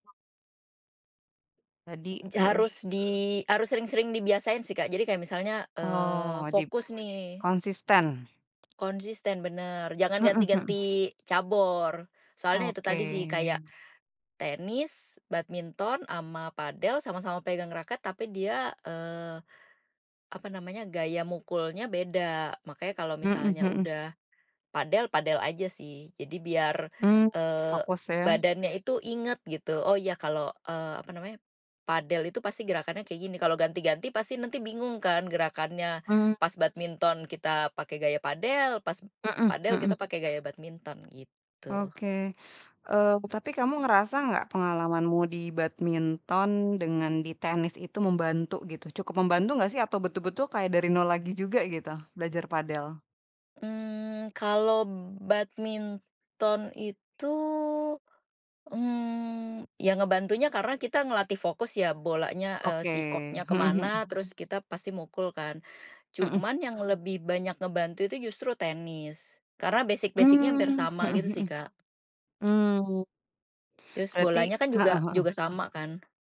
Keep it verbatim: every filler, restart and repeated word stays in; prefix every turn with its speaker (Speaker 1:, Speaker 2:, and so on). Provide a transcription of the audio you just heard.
Speaker 1: Tadi, heeh.
Speaker 2: Jarus di harus sering-sering dibiasain sih, Kak. Jadi kayak misalnya, eee,
Speaker 1: Oh, dib
Speaker 2: fokus nih
Speaker 1: konsisten.
Speaker 2: konsisten bener, jangan
Speaker 1: Heeh heeh.
Speaker 2: ganti-ganti cabor, soalnya itu
Speaker 1: Oke.
Speaker 2: tadi sih kayak tenis, badminton, sama padel sama-sama pegang raket tapi dia, eee, apa namanya gaya mukulnya beda. Makanya kalau
Speaker 1: Heeh
Speaker 2: misalnya
Speaker 1: heeh.
Speaker 2: udah padel, padel aja sih. Jadi biar,
Speaker 1: Mmm,
Speaker 2: eee,
Speaker 1: fokus ya.
Speaker 2: badannya itu ingat gitu, "Oh ya kalau," eee, apa namanya, "padel itu pasti gerakannya kayak gini." Kalau ganti-ganti pasti nanti bingung kan gerakannya
Speaker 1: Mmm.
Speaker 2: pas badminton kita pakai gaya padel, pas
Speaker 1: Heeh
Speaker 2: padel
Speaker 1: heeh.
Speaker 2: kita pakai gaya badminton gitu.
Speaker 1: Oke. Eee, pu tapi kamu ngerasa gak pengalamanmu di badminton dengan di tenis itu membantu gitu? Cukup membantu gak sih atau betul-betul kayak dari nol lagi juga gitu, belajar padel?
Speaker 2: Mmm, kalau badminton itu, mmm, yang ngebantunya karena kita ngelatih fokus ya bolanya, eee,
Speaker 1: Oke.
Speaker 2: si koknya ke
Speaker 1: Heeh heeh.
Speaker 2: mana terus kita pasti mukul kan,
Speaker 1: Heeh.
Speaker 2: cuman yang lebih banyak ngebantu itu justru tenis, karena basic-basic-nya hampir
Speaker 1: Mmm.
Speaker 2: sama
Speaker 1: Heeh
Speaker 2: gitu sih
Speaker 1: heeh.
Speaker 2: Kak.
Speaker 1: Mmm.
Speaker 2: Terus
Speaker 1: Berarti
Speaker 2: bolanya kan,
Speaker 1: heeh
Speaker 2: juga juga
Speaker 1: heeh.
Speaker 2: sama kan.